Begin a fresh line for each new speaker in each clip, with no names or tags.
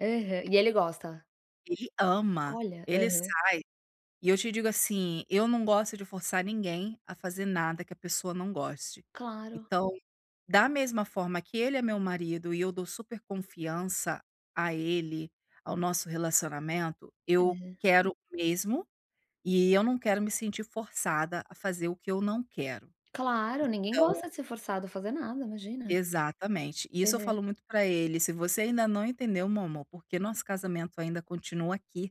Aham, e ele gosta?
Ele ama,
Olha,
ele sai
aham.
E eu te digo, assim. Eu não gosto de forçar ninguém, a fazer nada que a pessoa não goste.
Claro.
Então, da mesma forma que ele é meu marido e eu dou super confiança a ele, ao nosso relacionamento, eu,
Aham.
quero o mesmo, eh, eu não quero me sentir forçada a fazer o que eu não quero.
Claro, ninguém
Então
gosta de ser forçado a fazer nada, imagina.
Exatamente. Isso eu
Aham.
falo muito pra ele: "Se você ainda não entendeu meu amor, porque o nosso casamento ainda continua aqui,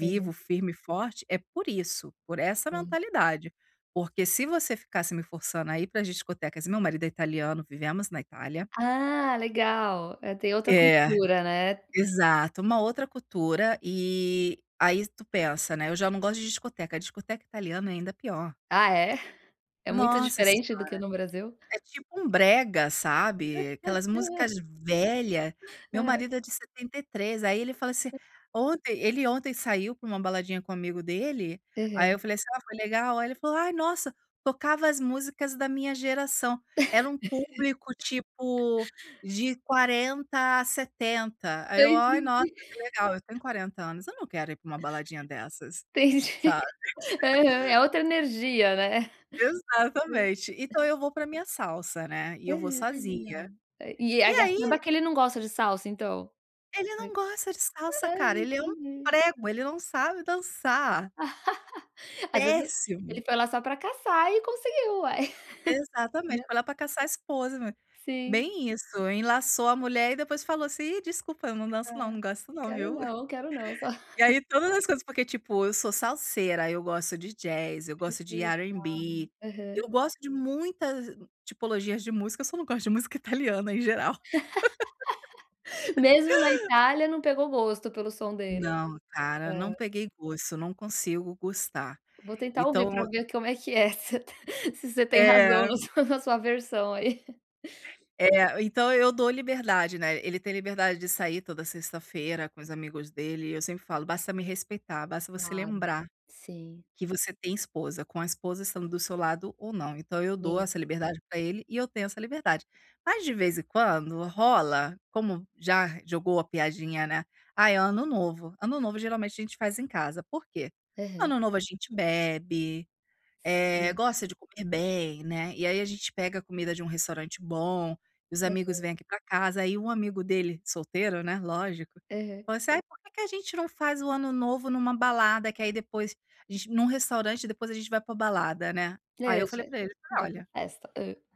Aham.
firme e forte. É por isso, por essa
Sim.
mentalidade. Porque, se você ficasse me forçando a ir para as discotecas" meu marido é italiano, vivemos na Itália.
Ah, legal! É tem outra
É,
cultura, né.
exato. Uma outra cultura, eh, aí tu pensa, né: "Eu já não gosto de discoteca", discoteca italiana, ainda pior.
Ah é? É muito
Nossa senhora!
diferente do que no Brasil?
É tipo um brega, sabe, aquelas músicas velha. Meu
Hã.
marido é de 73 aí ele fala assim
[unintelligible]
Ontem ele ontem saiu pra uma baladinha com amigo dele, aí eu
Aham.
falei assim: "Ah foi legal?" Ai ele falou: "Ai nossa, tocava as músicas da minha geração, era um público, tipo, de 40 a 70", aí
Eu
eu: "Ai nossa,
entendi.
que legal". Eu tenho 40 anos. Eu não quero ir pra uma baladinha dessas,
Entendi,
sabe.
aham. É outra energia, né?
Exatamente. Então eu vou pra minha salsa, né, e eu vou
Aham, ah
sozinha.
legal! E e
E
acaba
aí
que ele não gosta de salsa, então?
Ele não
Foi.
gosta de salsa,
Ah,
cara. Ele é um
entendi.
prego, ele não sabe dançar.
Às vezes e
Péssimo.
ele foi lá só pra caçar e conseguiu uai. Né?
Exatamente, foi lá pra caçar esposa [unintelligible]
Sim.
bem isso. Enlaçou a mulher e depois falou assim: "E desculpa! Eu não danço
Hã.
não, não gosto não
Quero
viu".
não, quero não. Só.
E aí todas as coisas porque, tipo, eu sou salseira, eu gosto de jazz, eu
Ai
gosto
que
de
legal.
R&B. Eu
Aham.
gosto de muitas tipologias de música, só não gosto de música italiana em geral.
Mesmo na Itália, não pegou o gosto pelo som dele?
Não cara,
Hã.
não peguei gosto. Não consigo gostar.
Vou tentar ouvir pra
Então
ver como é que é, se você tem, se você tem razão
É.
na sua, na sua aversão aí.
É, então, eu dou liberdade, né. Ele tem liberdade de sair toda sexta-feira com os amigos dele, eu sempre falo: "Basta me respeitar, basta você
Claro.
lembrar.
Sim.
Que você tem esposa. Com a esposa estando do seu lado ou não", então, eu
E
dou
ele
essa liberdade pra ele e eu tenho essa liberdade. Mas, de vez em quando rola, como, já, jogou a piadinha né: "Ai é ano novo". Ano novo geralmente a gente faz em casa, por quê?
Aham.
Ano novo a gente bebe, eh,
Sim.
gosta de comer bem, né. E aí a gente pega a comida de um restaurante bom, e os amigos
Aham.
vêm aqui pra casa. Aí um amigo dele, solteiro né lógico,
Aham.
falou assim: "Ai, porque que a gente não faz o ano novo numa balada, que aí depois, agent num restaurante depois a gente vai pra balada, né?"
Hã,
Aí
ele
eu falei
já
para ele:
já quer
"Olha"
festa. Hã.